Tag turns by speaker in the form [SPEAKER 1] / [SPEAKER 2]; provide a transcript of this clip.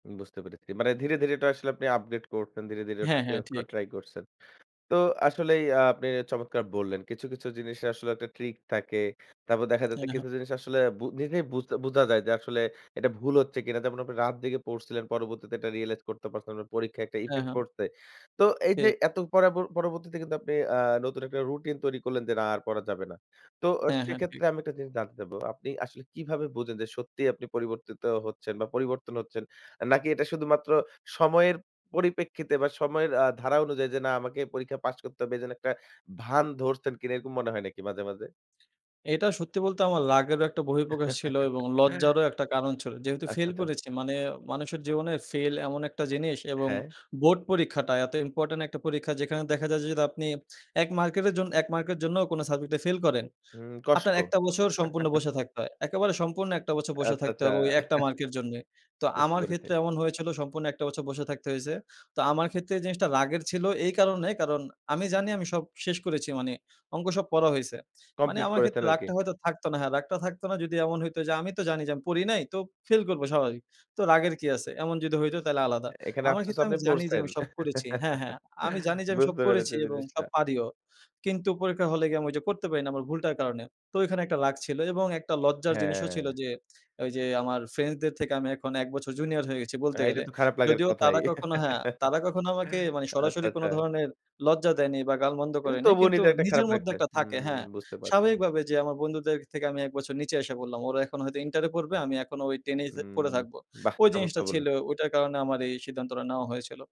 [SPEAKER 1] বুঝতে পেরেছি। মানে ধীরে, ধীরে এটা আসলে আপনি আপগ্রেড করছেন। ধীরে, ধীরে ওটা
[SPEAKER 2] হ্যাঁ, হ্যাঁ,
[SPEAKER 1] চেঞ্জ করার
[SPEAKER 2] ঠিক।
[SPEAKER 1] ট্রাই করছেন। তো আসলেই আপনি চমৎকার বললেন। কিছু, কিছু জিনিসের আসলে একটা ট্রিক থাকে। তারপর দেখা
[SPEAKER 2] হ্যাঁ,
[SPEAKER 1] যাচ্ছে
[SPEAKER 2] হ্যাঁ।
[SPEAKER 1] কিছু জিনিস আসলে বু নিজেই বুঝ বুঝা যায় যে, আসলে এটা ভুল হচ্ছে কিনা। যেমন আপনি রাত জেগে পড়ছিলেন পরবর্তীতে এটা রিয়ালাইজ করতে পারছেন, আপনার পরীক্ষায় একটা
[SPEAKER 2] হ্যাঁ,
[SPEAKER 1] ইফেক্ট
[SPEAKER 2] হ্যাঁ।
[SPEAKER 1] পড়ছে। তো এইযে
[SPEAKER 2] ঠিক।
[SPEAKER 1] এত পরাব পরবর্তীতে কিন্তু আপনি আ নতুন একটা রুটিন তৈরি করলেন যে, না আর পড়া যাবে না। তো আ
[SPEAKER 2] হ্যাঁ, হ্যাঁ, ঠিক।
[SPEAKER 1] সেক্ষেত্রে আমি একটা জিনিস জানতে চাবো। আপনি আসলে কিভাবে বুঝেন যে, সত্যিই আপনি পরিবর্তিত হচ্ছেন বা পরিবর্তন হচ্ছেন? নাকি এটা শুধুমাত্র সময়ের পরিপ্রেক্ষিতে বা সময়ের আ ধারা অনুযায়ী যে, না আমাকে এই পরীক্ষা পাস করতে হবে এজন্য একটা ভান ধরছেন কিনা এরকম মনে হয় নাকি মাঝে, মাঝে?
[SPEAKER 2] এটা সত্যি বলতে আমার লাকেরও একটা বহিঃপ্রকাশ ছিল এবং লজ্জারও একটা কারণ ছিল। যেহেতু
[SPEAKER 1] আচ্ছা,
[SPEAKER 2] ফেইল
[SPEAKER 1] আচ্ছা।
[SPEAKER 2] করেছি মানে মানুষের জীবনে ফেইল এমন একটা জিনিস এবং
[SPEAKER 1] হ্যাঁ।
[SPEAKER 2] বোর্ড পরীক্ষাটা এত ইম্পোর্টেন্ট একটা পরীক্ষা যেখানে দেখা যায় যে, যদি আপনি ১ মার্কেটের জন ১ মার্কের জন্যও কোনো সাবজেক্ট ফাইল করেন,
[SPEAKER 1] হুম, কষ্ট।
[SPEAKER 2] আপনার একটা বছর সম্পূর্ণ বসে থাকতে হয়। একেবারে সম্পূর্ণ ১ টা বছর বসে
[SPEAKER 1] আচ্ছা,
[SPEAKER 2] থাকতে
[SPEAKER 1] আচ্ছা।
[SPEAKER 2] হবে ওই একটা মার্ক এর জন্যে। তো
[SPEAKER 1] বুঝতে
[SPEAKER 2] আমার
[SPEAKER 1] পেরেছি।
[SPEAKER 2] ক্ষেত্রে এমন হয়েছিল সম্পূর্ণ একটা বছর বসে থাকতে হইছে। তো আমার ক্ষেত্রে এই জিনিসটা রাগের ছিল এই কারণে কারণ আমি জানি আমি সব শেষ করেছি মানি অংক সব পড়া হইছে। মানি
[SPEAKER 1] কমপ্লিট
[SPEAKER 2] আমার
[SPEAKER 1] করেছেন
[SPEAKER 2] ক্ষেত্রে
[SPEAKER 1] আরকি।
[SPEAKER 2] রাগটা হয়তো থাকতো না। হ্যাঁ, রাগটা থাকতো না যদি এমন হইত যে, আমি তো জানি যে, আমি পড়ি নাই তো ফেইল করব স্বাভাবিক। তো রাগের কি আছে? এমন যদি হইতো তাহলে আলাদা।
[SPEAKER 1] এখানে
[SPEAKER 2] আমার
[SPEAKER 1] আফসোস
[SPEAKER 2] ক্ষেত্রে
[SPEAKER 1] আপনি
[SPEAKER 2] আমি জানি যে,
[SPEAKER 1] পড়ছেন।
[SPEAKER 2] আমি সব করেছি হ্যাঁ, হ্যাঁ। আমি জানি যে, আমি সব
[SPEAKER 1] বুঝতে পেরেছি
[SPEAKER 2] করেছি এবং
[SPEAKER 1] জিনিসটা।
[SPEAKER 2] সব পারিও। কিন্তু পরীক্ষা হলে গিয়ে আমি ওইযে করতে পারি না আমার ভুলটার কারণে। তো ঐখানে একটা রাগ ছিল এবং একটা লজ্জার জিনিসও ছিল
[SPEAKER 1] হ্যাঁ।
[SPEAKER 2] যে, ওইযে আমার ফ্রেন্ডসদের থেকে আমি এখন ১ বছর জুনিয়র হয়ে গেছি বলতে
[SPEAKER 1] হ্যাঁ, এটা
[SPEAKER 2] গেলে।
[SPEAKER 1] তো খারাপ লাগার
[SPEAKER 2] যদিও
[SPEAKER 1] কথাই।
[SPEAKER 2] তারা কখনো হ্যাঁ, তারা কখনো আমাকে মানি
[SPEAKER 1] আচ্ছা,
[SPEAKER 2] সরাসরি
[SPEAKER 1] আচ্ছা।
[SPEAKER 2] কোনো ধরনের লজ্জা দেয়নি বা গালমন্দ
[SPEAKER 1] কিন্তু
[SPEAKER 2] করেনি।
[SPEAKER 1] তবুও
[SPEAKER 2] কিন্তু
[SPEAKER 1] নিজের একটা খারাপ
[SPEAKER 2] নিজের মধ্যে
[SPEAKER 1] লাগছে।
[SPEAKER 2] একটা
[SPEAKER 1] হুম,
[SPEAKER 2] থাকে হ্যাঁ।
[SPEAKER 1] বুঝতে পার
[SPEAKER 2] স্বাভাবিকভাবে যে, আমার বন্ধুদের থেকে আমি ১ বছর নিচে এসে পড়লাম। ওরা এখন হয়তো ইন্টার এ পড়বে আমি এখনো ওই 10 এই পড়ে
[SPEAKER 1] উম
[SPEAKER 2] থাকবো।
[SPEAKER 1] বাহ!
[SPEAKER 2] ওই জিনিসটা
[SPEAKER 1] চমৎকার বললেন।
[SPEAKER 2] ছিল ওইটার কারণে আমার এই সিদ্ধান্তটা নেওয়া হয়েছিল।